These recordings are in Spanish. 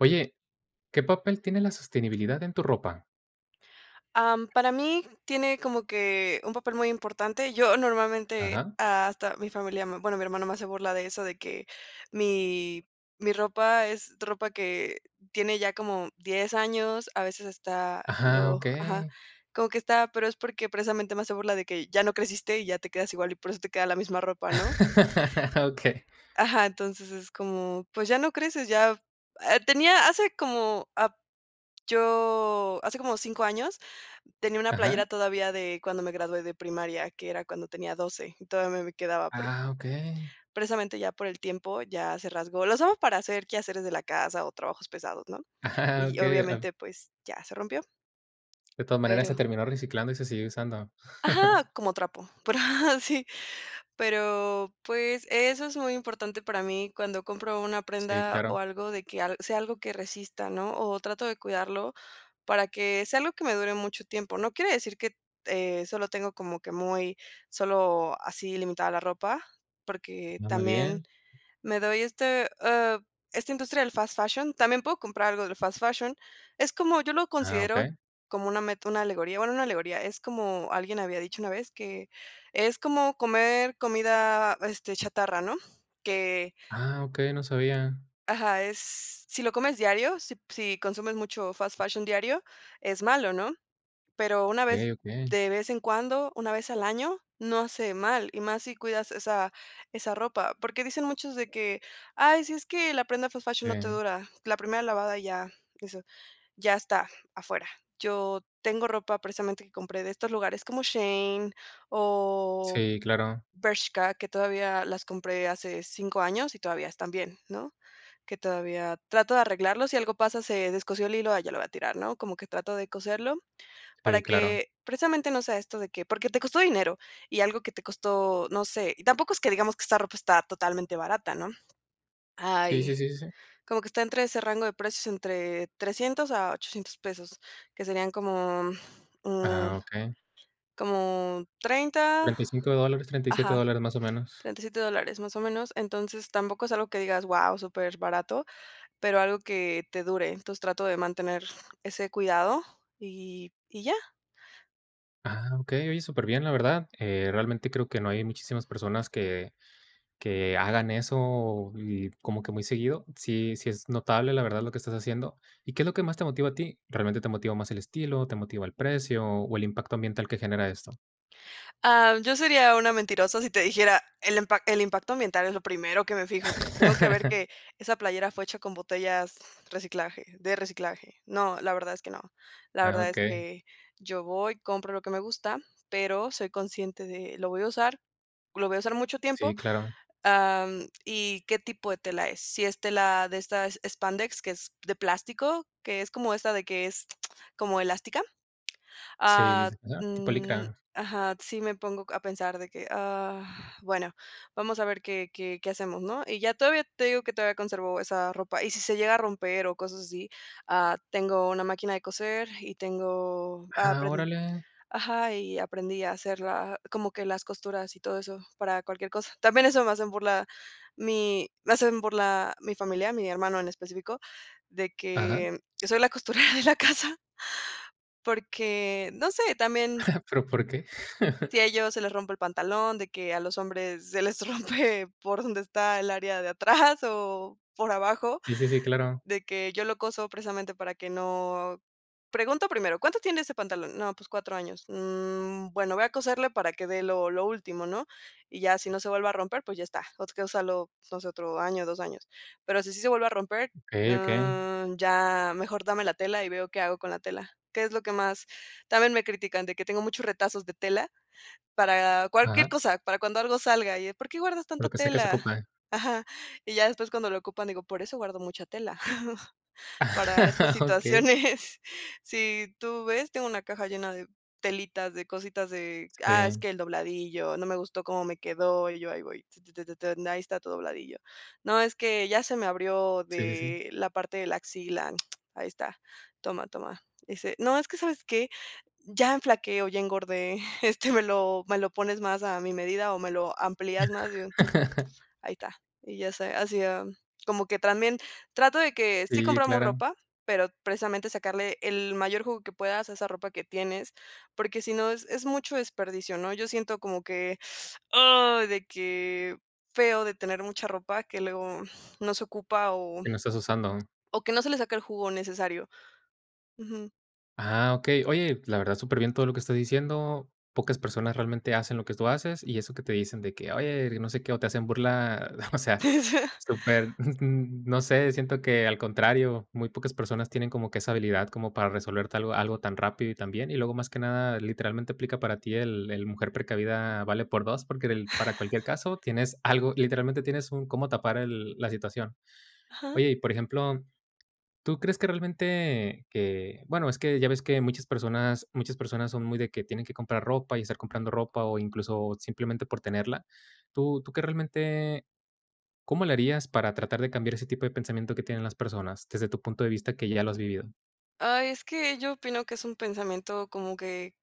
Oye, ¿qué papel tiene la sostenibilidad en tu ropa? Am, para mí tiene como que un papel muy importante, yo normalmente, Ajá. hasta mi familia, mm, bueno mi hermano me hace burla de eso, de que mi mi ropa es ropa que tiene ya como 10 años, a veces está Ajá, lo, ajá, okey. como que está pero es porque precisamente me hace burla de que ya no creciste y ya te quedas igual, y por eso te queda la misma ropa, ¿no? Ah, okey. Ajá, entonces, es como, pues, ya no creces, ya, ah, tenía hace como ap yo, hace como 5 años, tenía una playera Ajá. todavía de cuando me gradué de primaria, que era cuando tenía 12 y todavía me quedaba, pero Ah, okey. precisamente, ya por el tiempo, ya se rasgó, la usamos para hacer quehaceres de la casa o trabajos pesados, ¿no?, Ajá, y okey, ah. obviamente, pues, ya se rompió. De todas maneras, se Pero. terminó reciclando y se sigue usando. Ajá, como trapo, pero sí, pero, pues, eso es muy importante para mí cuando compro una Sí, prenda o claro. algo de que alg sea algo que resista, ¿no?, o trato de cuidarlo, para que sea algo que me dure mucho tiempo, no quiere decir que te, eh, solo tengo como que muy solo así limitada la ropa, porque No, muy también bien. me doy este, eh, esta industria del fast fashion también puedo comprar algo del fast fashion es como, yo lo Ah, considero okey. como una meta, una alegoría, bueno, no alegoría, es como alguien había dicho una vez que es como comer comida, este, chatarra, ¿no?, que Ah, okey, no sabía. ajá, es, si lo comes diario, si si consumes mucho fast fashion diario, es malo, ¿no?, pero una vez, Okey, okey. de vez en cuando, una vez al año, no hace mal, y más si cuidas esa esa ropa, porque dicen muchos de que: "Ay, sí, es que la prenda fast fashion no te Sí. dura, la primera lavada ya eso, ya está afuera", yo tengo ropa precisamente que compré de estos lugares, como Shein o Sí, claro. Bershka, que todavía las compré hace 5 años y todavía están bien, ¿no?, que todavía trato de arreglarlos, si algo pasa, se descosió el hilo, ah, ya lo va a tirar, ¿no?, como que trato de coserlo Sí, para claro. que, precisamente, no sea esto de que, porque te costó dinero y algo que te costó, no sé, y tampoco es que digamos que esta ropa está totalmente barata, ¿no?, Sí, sí, hay, sí, sí, sí. como que está entre ese rango de precios entre 300 a 800 pesos, que serían como, mm, Ah, okey. como 30 35 dólares, 37 ajá, dólares, más o menos. 37 dólares más o menos, entonces tampoco es algo que digas wao, super barato, pero algo que te dure, entonces trato de mantener ese cuidado, y y ya. Ah, okey, oye, súper bien, la verdad, eh, realmente creo que no hay muchísimas personas que que hagan eso y como que muy seguido, sí sí es notable, la verdad, lo que estás haciendo, ¿y qué es lo que más te motiva a ti? ¿Realmente te motiva más el estilo, te motiva el precio, o el impacto ambiental que genera esto? Ah, yo sería una mentirosa si te dijera: "El impac el impacto ambiental es lo primero que me fijo, tengo que ver que esa playera fue hecha con botellas reciclaje, de reciclaje", no, la verdad es que no, la Ah, verdad es okey. que yo voy, compro lo que me gusta, pero soy consciente de lo voy a usar, lo voy a usar mucho tiempo, Sí, claro. am, y qué tipo de tela es, si es tela de esta es Spandex, que es de plástico, que es como esta de que es como elástica, Sí, ah, no, tipo mm, licra. ajá, sí me pongo a pensar de que, ah, bueno, vamos a ver qué qué qué hacemos, ¿no?, y ya todavía, te digo que todavía conservo esa ropa, y si se llega a romper o cosas así, ah, tengo una máquina de coser y tengo, ah, Ah, aprend órale. ajá, y aprendí a hacer la como que las costuras y todo eso para cualquier cosa, también eso me hacen burla mi, me hacen burla mi familia, mi hermano en específico, de Ajá. que yo soy la costurera de la casa, porque, no sé, también Pero, ¿por qué? si a ellos se les rompe el pantalón, de que a los hombres se les rompe por donde está el área de atrás o por abajo, Sí, sí, sí, claro. de que yo lo coso precisamente para que no, pregunto primero, ¿cuánto tiene ese pantalón? No, pues, 4 años, mm, bueno, voy a coserlo para que dé lo lo último, ¿no?, y ya si no se vuelve a romper, pues, ya está, o sea, úsalo pues otro año, 2 años, pero si sí se vuelve a romper, Okey okey. mm, ya mejor dame la tela y veo qué hago con la tela, que es lo que más, también me critican, de que tengo muchos retazos de tela para cualquier Ajá. cosa, para cuando algo salga y de por qué guardas Por tanta lo que sé que se tela, ocupa, eh. ajá, y ya después cuando lo ocupan, digo, por eso guardo mucha tela, para estas Okey. situaciones, si tú ves, tengo una caja llena de telitas, de cositas de, ah, es Si. que el dobladillo, no me gustó cómo me quedó, y yo ahí voy, t t t t t ahí está tu dobladillo, no, es que ya se me abrió Si, si, si. de la parte de la axila, ahí está, toma toma, dice: "No, es que, ¿sabes qué? Ya enflaque o ya engordé", este, me lo me lo pones más a mi medida o me lo amplías más y yo, ahí está, y ya se hacía, como que también trato de que sí Sí, compramos claro. ropa, pero precisamente sacarle el mayor jugo que puedas a esa ropa que tienes, porque si no es es mucho desperdicio, ¿no?, yo siento como que, ay, de que feo de tener mucha ropa, que luego no se ocupa o Que no estás usando. o que no se le saca el jugo necesario, ujú. Ah, okey. Oye, pues, la verdad, súper bien todo lo que estás diciendo. Pocas personas realmente hacen lo que tú haces, y eso que te dicen de que: "Oye, y no sé qué", o te hacen burla, o sea, súper, mm, no sé, siento que al contrario, muy pocas personas tienen como que esa habilidad como para resolverte algo algo tan rápido y tan bien. Y luego, más que nada, literalmente aplica para ti el el mujer precavida vale por 2, porque para cualquier caso tienes algo, literalmente tienes un cómo tapar la situación. Ajá. Oye, y por ejemplo, ¿tú crees que realmente que? Bueno, es que ya ves que muchas persona muchas personas son muy de que tienen que comprar ropa y estar comprando ropa, o incluso, simplemente por tenerla. ¿Tú tú qué realmente cómo le harías para tratar de cambiar ese tipo de pensamiento que tienen las personas? Desde tu punto de vista, que ya lo has vivido. Ay, es que yo opino que es un pensamiento como que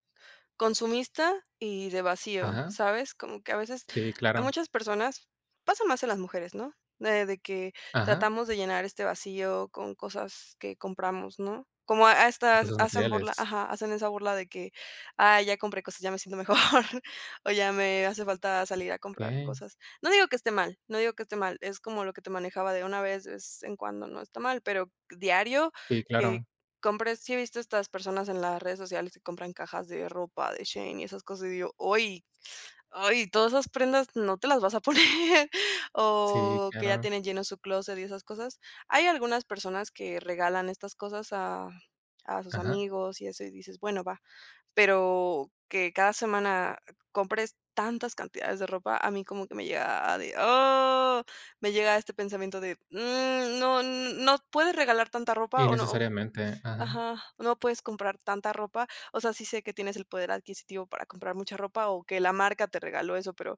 consumista y de vacío, Ajá. ¿sabes? Como que a veces, Sí, a claro. muchas personas pasa más en las mujeres, ¿no? Eh de que Ajá. tratamos de llenar este vacío con cosas que compramos, ¿no? Como a a estas Cosas hacen por la materiales. ajá, hacen esa burla de que: "Ay, ya compré cosas, y ya me siento mejor, o ya me hace falta salir a comprar Okey. cosas". No digo que esté mal, no digo que esté mal, es como lo que te manejaba de una vez es en cuando, no está mal, pero diario Sí, que claro. compres. ¿Sí viste estas personas en las redes sociales que compran cajas de ropa, de Shein y esas cosas? Y digo: "Oy, ay, todas esas prendas no te las vas a poner", Sí, o que ya claro. tienen lleno su clóset y esas cosas. Hay algunas personas que regalan estas cosas a a sus Ajá. amigos y eso. Y dices: "Bueno, va". Pero que cada semana compres tantas cantidades de ropa, a mí como que me llega a de, ah me llega este pensamiento de, mm no no puedes regalar tanta ropa, o no Innecesariamente, ajá. ajá, no puedes comprar tanta ropa. O sea, sí sé que tienes el poder adquisitivo para comprar mucha ropa, o que la marca te regaló eso, pero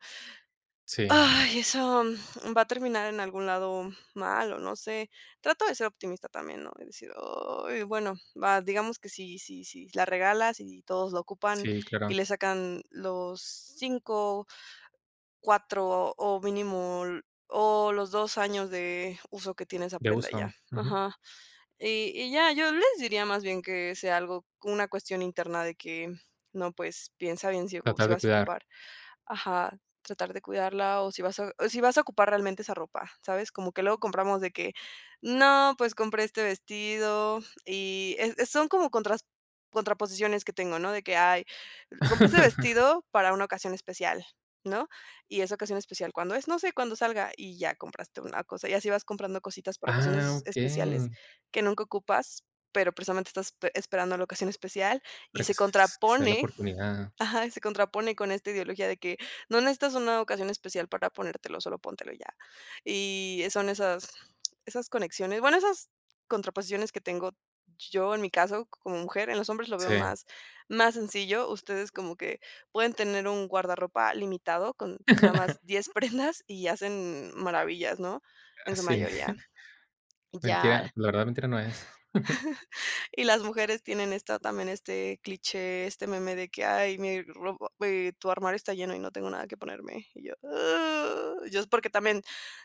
Sí. ay, eso, mm, va a terminar en algún lado mal o no sé. Trato de ser optimista también, ¿no? Es decir, oy, bueno, va, digamos que si si si la regalas, y todos lo ocupan, Sí, y claro. le sacan los 5, 4 o mínimo los 2 años de uso que tiene esa De prenda, ya, uso ujú. ajá. Y y ya, yo les diría más bien que sea algo como una cuestión interna de que no, pues, piensa bien si ocu Tratar si de vas a cuidar. ocupar ajá, tratar de cuidarla o si vas a o si vas a ocupar realmente esa ropa, ¿sabes? Como que luego compramos de que: "No, pues, compré este vestido para una ocasión especial", ¿no? Y esa ocasión especial, ¿cuándo es? No sé, cuando salga, y ya compraste una cosa, y así vas comprando cositas para Ah ocasiones especiales okey. que nunca ocupas, pero precisamente estás pe esperando la ocasión especial y Para que se sea la contrapone, oportunidad. ajá, se contrapone con esta ideología de que no necesitas una ocasión especial para ponértelo, solo póntelo y ya. Y, eh, son esas esas conexiones, bueno, esas contraposiciones que tengo yo, en mi caso, como mujer. En los hombres lo veo Sí. más más sencillo, ustedes como que pueden tener un guardarropa limitado con Ajá, nada más ajá. 10 prendas y hacen maravillas, ¿no? En Ah su sí. mayoría. Ya Mentira, la verdad mentira no es. y las mujeres tienen esta también este cliché, este meme de que: "Ay, mi ropa ve tu armario está lleno y no tengo nada que ponerme". Y yo, uh yo, es, porque también,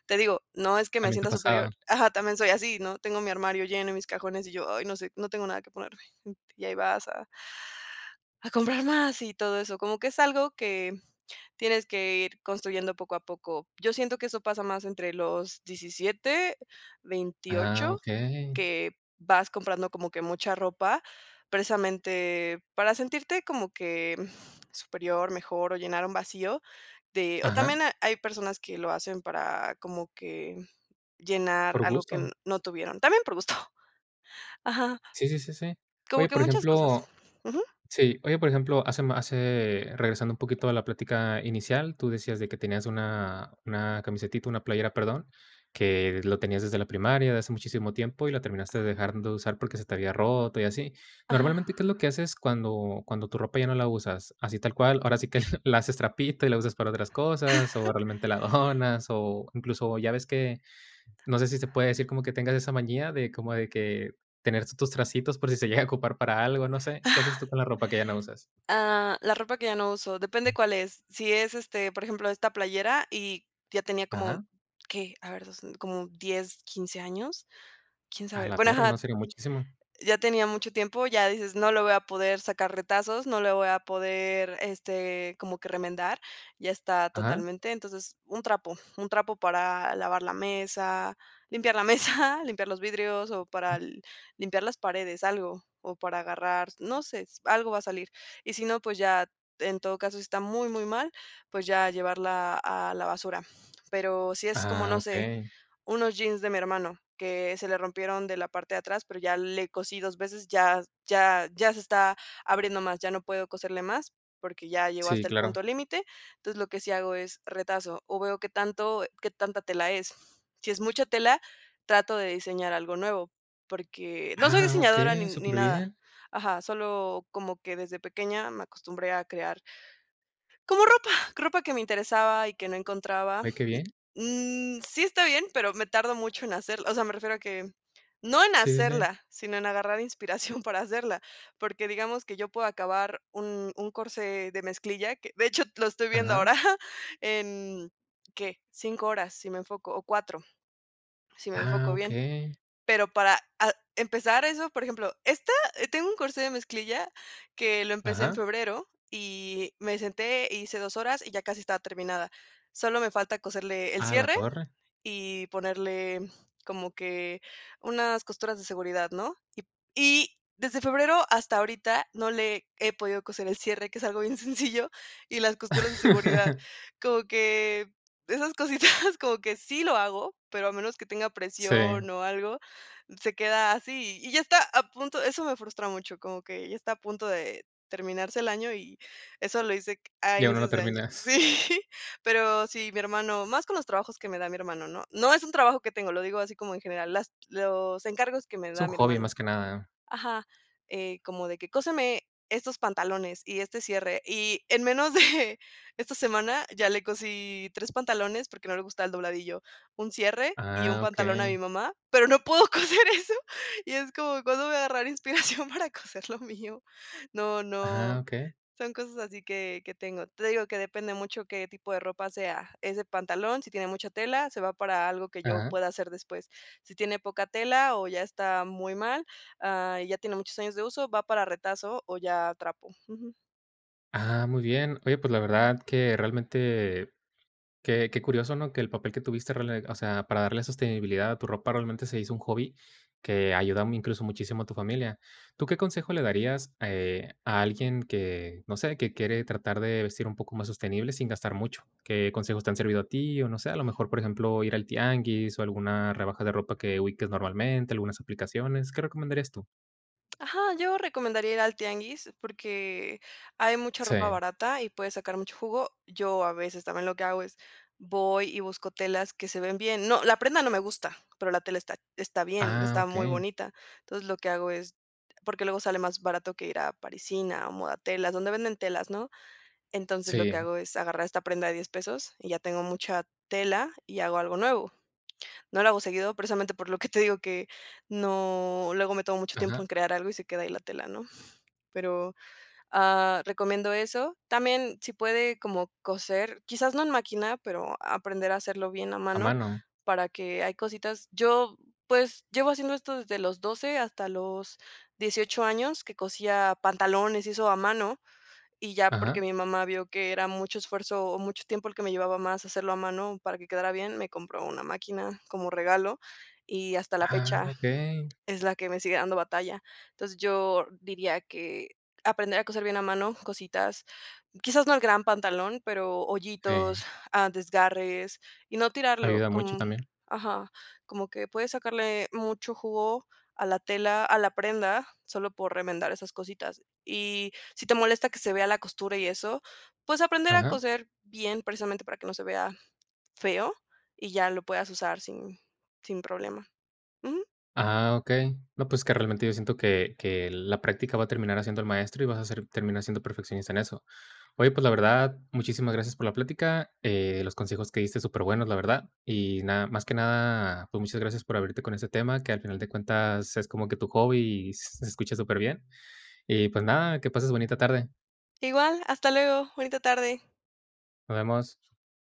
te digo, no es que me También te sienta ha superior, pasado. ajá, también soy así, ¿no? Tengo mi armario lleno, y mis cajones, y yo: "Ay, no sé, no tengo nada que ponerme", mm. Y ahí vas a a comprar más y todo eso. Como que es algo que tienes que ir construyendo poco a poco. Yo siento que eso pasa más entre los 17, Ah 28, okey. que vas comprando como que mucha ropa, precisamente, para sentirte como que, mm, superior, mejor o llenar un vacío, te o también Ajá. ha hay personas que lo hacen para como que llenar Por algo que n gusto. no tuvieron, también por gusto. Ajá. Sí, sí, sí, sí. Como Oye, que por muchas cosas ejemplo, ujú. sí, oye, por ejemplo, hace ma hace, regresando un poquito a la plática inicial, tú decías de que tenías una una camisetita, una playera, perdón, que lo tenías desde la primaria de hace muchísimo tiempo, y la terminaste dejando de usar, porque se te había roto y así. Ajá. Normalmente, ¿qué es lo que haces cuando cuando tu ropa ya no la usas? Así tal cual, ahora sí que la haces trapito y la usas para otras cosas, o Ajá. realmente la donas, o incluso, ya ves que, no sé si se puede decir como que tengas esa manía como de que tener tus tracitos por si se llega a ocupar para algo, no sé. ¿Qué haces Ah. tú con la ropa que ya no usas? Ah, la ropa que ya no uso, depende cuál es. Si es, este, por ejemplo, esta playera, y ya tenía como, Ajá. ¿qué?, a ver, 2, mm, como 10, 15 años, quién Ah, sabe. la Bueno, torre ajá no salió muchísimo. ya tenía mucho tiempo, ya dices, no le voy a poder sacar retazos, no le voy a poder, este, como que remendar, ya está Ajá. totalmente. Entonces, un trapo, un trapo para lavar la mesa, limpiar la mesa, limpiar los vidrios o para limpiar las paredes, algo, o para agarrar, no sé, s algo va a salir. Y si no, pues ya, en todo caso, si está muy, muy mal, pues, ya llevarla a la basura. Pero sí es como, Ah no sé, okey. unos jeans de mi hermano que se le rompieron de la parte de atrás, pero ya le cosí 2 veces, ya ya ya se está abriendo más, ya no puedo coserle más, porque ya llegó Sí, hasta el claro. punto límite. Entonces, lo que sí hago es retazo o veo qué tanto qué tanta tela es. Si es mucha tela, trato de diseñar algo nuevo, porque no soy Ah, diseñadora ni okey, ni súper nada. bien. Ajá, solo como que desde pequeña me acostumbré a crear como ropa, ropa que me interesaba y que no encontraba. Ay, qué bien. Mm, mm, sí está bien, pero me tardo mucho en hacerla O sea, me refiero a que no en Sí, sí, sí. hacerla, sino en agarrar inspiración para hacerla, porque digamos que yo puedo acabar un un corsé de mezclilla, que de hecho lo estoy viendo Ajá. ahora en, ¿qué?, 5 horas si me enfoco o 4, si me Ah, enfoco bien. okey. Pero para a empezar eso, por ejemplo, esta, eh, tengo un corsé de mezclilla que lo empecé en Ajá. febrero, y me senté, hice 2 horas y ya casi estaba terminada. Solo me falta coserle el Ah, la cierre torre. y ponerle como que unas costuras de seguridad, ¿no? Y y desde febrero hasta ahorita no le he podido coser el cierre, que es algo bien sencillo, y las costuras de seguridad. Como que esas cositas, como que sí lo hago, pero a menos que tenga Sí. presión o algo, se queda así, y ya está a punto. Eso me frustra mucho, como que ya está a punto de terminarse el año y eso lo hice c a Y aún no lo inicios de año. terminas. Sí. Pero sí, mi hermano, más con los trabajos que me da mi hermano, ¿no? No es un trabajo que tengo, lo digo así como en general, las los encargos que me Es da un mi hobby hermano. más que nada. Ajá. Eh, como de que: "Cóseme estos pantalones y este cierre", y en menos de esta semana ya le cosí 3 pantalones, porque no le gustaba el dobladillo, un cierre y un Ah, pantalón a mi okey. mamá, pero no puedo coser eso, y es como, ¿cuándo voy a agarrar inspiración para coser lo mío? No Ah, no, okey. son cosas así que que tengo. Te digo que depende mucho qué tipo de ropa sea. ¿Es de pantalón?, si tiene mucha tela, se va para algo que yo Ajá. pueda hacer después. Si tiene poca tela o ya está muy mal, ah, ya tiene muchos años de uso, va para retazo, o ya trapo, ujú. Ah, muy bien. Oye, pues, la verdad que, realmente, que que curioso, ¿no? Que el papel que tuviste, rela o sea, para darle sostenibilidad a tu ropa, realmente, se hizo un hobby que ayuda, mm, incluso muchísimo a tu familia. ¿Tú qué consejo le darías, eh, a alguien que, no sé, que quiere tratar de vestir un poco más sostenible sin gastar mucho? ¿Qué consejos te han servido a ti? O no sé, a lo mejor, por ejemplo, ir al tianguis o alguna rebaja de ropa que ubiques normalmente, algunas aplicaciones. ¿Qué recomendarías tú? Ajá, yo recomendaría ir al tianguis, porque hay mucha ropa Sí. barata y puedes sacar mucho jugo. Yo, a veces, también lo que hago es voy y busco telas que se ven bien, no, la prenda no me gusta, pero la tela está está bien, Ah, está muy okey. bonita. Entonces, lo que hago es porque luego sale más barato que ir a Parisina o Modatelas, donde venden telas ¿no? Entonces, lo que Sí. hago es agarrar esta prenda de $10 pesos y ya tengo mucha tela y hago algo nuevo, no lo hago seguido, precisamente por lo que te digo que no luego me tomo mucho tiempo Ajá. en crear algo y se queda ahí la tela ¿no? Pero, ah, recomiendo eso. También, si puede como coser, quizás no en máquina, pero aprender a hacerlo bien a A mano, mano. para que hay cositas yo, pues, llevo haciendo esto desde los 12 hasta los 18 años que cosía pantalones y eso a mano, y ya, porque Ajá. mi mamá vio que era mucho esfuerzo o mucho tiempo el que me llevaba más hacerlo a mano para que quedara bien, me compró una máquina como regalo, y hasta la Ah, fecha okey. es la que me sigue dando batalla. Entonces, yo diría que aprender a coser bien a mano cositas, quizás, no el gran pantalón, pero hoyitos, Sí. ah, desgarres y no tirarlo, Ayuda mucho com también. ajá, como que puedes sacarle mucho jugo a la tela, a la prenda, solo por remendar esas cositas. Y si te molesta que se vea la costura y eso, pues, aprender a Ajá. coser bien, precisamente, para que no se vea feo, y ya lo puedas usar sin sin problema. Ujú. Ah, okey. No, pues, es que realmente yo siento que que la práctica va a terminar haciendo el maestro y vas a ser terminar siendo perfeccionista en eso. Oye, pues, la verdad, muchísimas gracias por la plática. Eh, los consejos que diste, superbuenos, la verdad, y nada, más que nada, pues, muchas gracias por abrirte con ese tema, que, al final de cuentas, es como que tu hobby y s se escucha superbién. Y, pues, nada, que pases bonita tarde. Igual, hasta luego, bonita tarde. Nos vemos.